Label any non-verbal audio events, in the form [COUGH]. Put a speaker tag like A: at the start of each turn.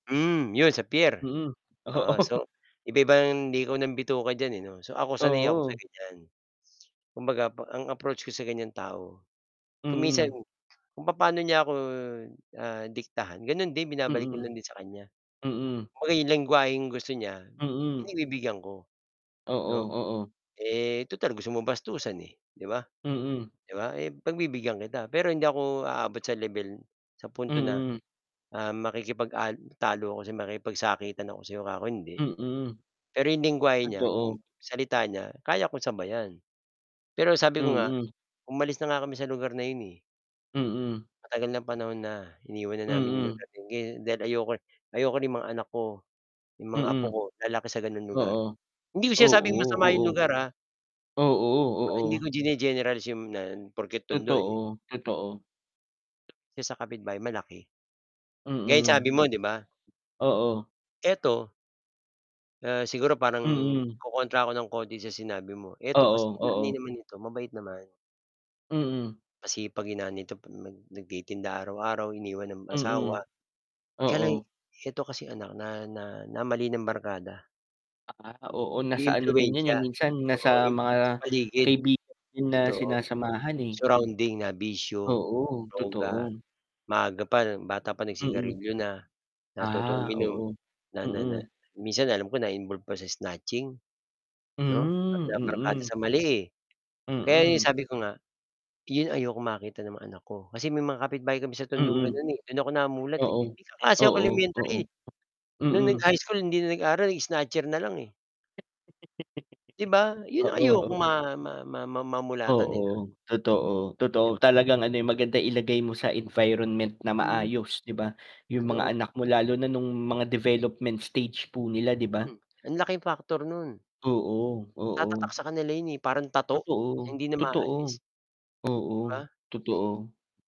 A: Hmm, 'yon sa piyer,
B: Mm,
A: oo,
B: oo.
A: so iba-iba ang likaw ng bituka diyan eh 'no. So, ako sanay ako sa,
B: Oo.
A: ganyan, kumbaga po ang approach ko sa ganyang tao, kung minsan
B: Mm.
A: kung papaano niya ako, ah, diktahan gano'n din, binabalik ko
B: Mm,
A: lang din sa kanya.
B: mm.
A: Kumbaga yung lengguwaheng gusto niya,
B: Mm.
A: pinagbibigyan ko,
B: Oo,
A: 'no.
B: oo.
A: Eh, total gusto mong bastusan, eh, 'di ba,
B: Mm.
A: 'di ba, eh pagbibigyan kita, pero hindi ako aabot sa lebel sa punto na,
B: Mm.
A: ah, makikipag, ah, talo ako sa makikipagsakitan ako sa 'yo kako hindi.
B: Mm.
A: Pero yung lengguwahe niya, kung
B: Totoo.
A: salita niya kaya kung sabayan. Pero sabi ko nga
B: Mm.
A: umalis na nga kami sa lugar na yun eh.
B: Mm.
A: Matagal na panahon na iniwan na namin yung
B: Mm.
A: lugar yung gi dahil ayoko ayoko rin mga anak ko, yung mga apo
B: Mm,
A: ko, lalaki sa ganong lugar.
B: oo.
A: Hindi ko sinasabing masama yung
B: Oo, oo,
A: lugar, ah.
B: Oo,
A: Hindi ko
B: oo.
A: gine-generalize yun na porket Tondo, eh.
B: Totoo, totoo.
A: 'Yung sa kapitbay malaki. Gaya sabi
B: Mm.
A: mo, 'di ba.
B: Oo.
A: Eto Ah, siguro parang
B: Mm.
A: kokontra ako ng konti sa sinabi mo. Eto kasi
B: Oo,
A: nanay
B: oo.
A: naman nito mabait naman.
B: Mm.
A: Masipag yung nanay nito 'pag nag nagtitinda araw-araw iniwan ng
B: Mm,
A: asawa, kaya lang
B: oo.
A: eto kasi anak na na na mali ng barkada.
B: Ah, oo, nasa
A: Yung
B: ano din 'yan, eh,
A: impluwensiya,
B: minsan nasa
A: oo yung
B: mga
A: sa paligid,
B: kaibigan din na
A: totoo,
B: sinasamahan, eh.
A: surrounding na bisyo,
B: Oo,
A: droga,
B: totoo.
A: maaga pa bata pa
B: Mm.
A: nag-sigarilyo na, natutong
B: Ah,
A: uminom,
B: oo,
A: na na na
B: mm.
A: minsan alam ko na-involved pa sa snatching, 'no, na
B: Hmm,
A: nabarkada
B: mm.
A: sa mali, eh. Kaya yung
B: Mm.
A: sabi ko nga, yun ayokong makita ng mga anak ko. Kasi may mga kapitbahay kami sa tondong
B: Mm,
A: gano'n, eh. Do'n ako namulat eh,
B: oo,
A: may kaklase ako
B: oo, oo.
A: elementary nung nag
B: Mm.
A: high school hindi na nag-aaral, snatcher na lang, eh. 'Di ba
B: [LAUGHS]
A: yun ang
B: Oo, oo.
A: ayokong ma ma ma ma mamulatan nila.
B: Oo, totoo,
A: 'Di
B: totoo
A: ba.
B: talagang, ano, eh, maganda ilagay mo sa environment na
A: Mhm,
B: maayos, 'di ba, yung mga
A: totoo.
B: anak mo, lalo na nung mga development stage po nila, 'di ba.
A: Hmm, ang laking factor no'n.
B: Oo,
A: Tatatak
B: oo.
A: sa kanila 'yun, eh, parang tattoo
B: Totoo,
A: hindi na
B: totoo,
A: maaalis,
B: oo,
A: 'di ba.
B: totoo.